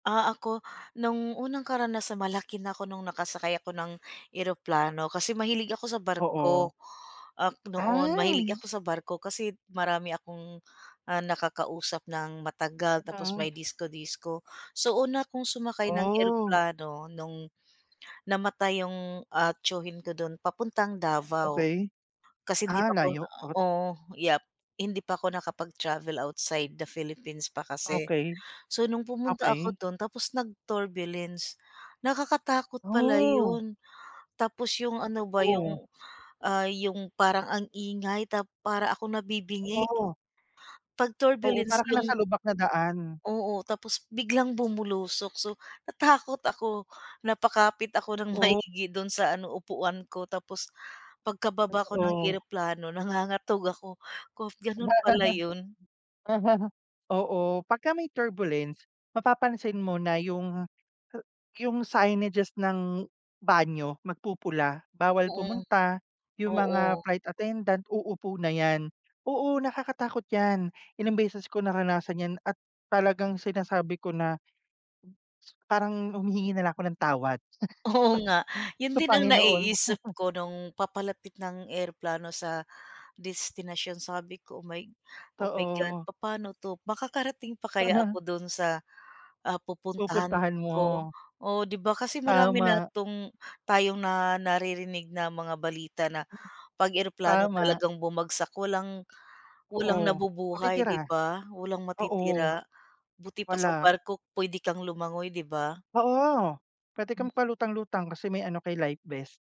Ah, ako no'ng unang karanasan, malaki na ako nung nakasakay ako ng eroplano kasi mahilig ako sa Oo. barko. Um, noon mahilig Ay! ako sa barko kasi marami akong, ah, nakakausap ng matagal tapos may [unintelligible] disco-disco. So, una akong sumakay ng Oh. eroplano no'ng namatay 'yung, ah, tiyuhin ko do'n papuntang Davao. Okey. Kasi hindi Ah, pa ako layo. Ot oo, yup. Hindi pa ako nakapag-travel outside the Philippines pa kasi. Okey. So, nung pumunta ako Okey. do'n tapos nag-turbulence. Nakakatakot pala Oh. 'yon. Tapos 'yung ano ba Oo. 'yung, ah, 'yung parang ang ingay tap para akong nabibingi, Oo. 'pag Oo, para turbulence kang nasa 'yung lubak na daan. Oo, tapos biglang bumulusok, so natakot ako. Napakapit ako ng Oh. maigi do'n sa ano, upuan ko. Tapos pagkababa ko ng Totoo. eroplano nangangatog ako. Kop gano'n pala 'yun. Oo, pagka may turbulence, mapapansin mo na 'yung 'yung signages ng banyo, magpupula, bawal Mm, pumunta, 'yung mga oo. flight attendant, uupo na 'yan. Oo, nakakatakot 'yan. Ilang beses ko naranasan 'yan at talagang sinasabi ko na parang humihingi na lang ako ng tawad, Oo nga 'yon sa din ang Panginoon. naiisip ko no'ng papalapit na ang eroplano sa destinasyon. Sabi ko, "Oh my oh my god," 'Totoo. papa'no 'to, makakarating pa kaya ako do'n sa, ah pupuntahan Pupuntahan ko. mo. Oo, 'di ba kasi marami na Tama. 'tong tayong na naririnig na mga balita na 'pag eroplano Tama. talagang bumagsak walang walang Oo. nabubuhay Matitira. 'di ba, walang Oo. matitira. Buti pa sa Wala. barko puwede kang lumangoy, 'di ba. Oo. Puwede kang magpalutang-lutang kasi may ano ka, eh, life vest.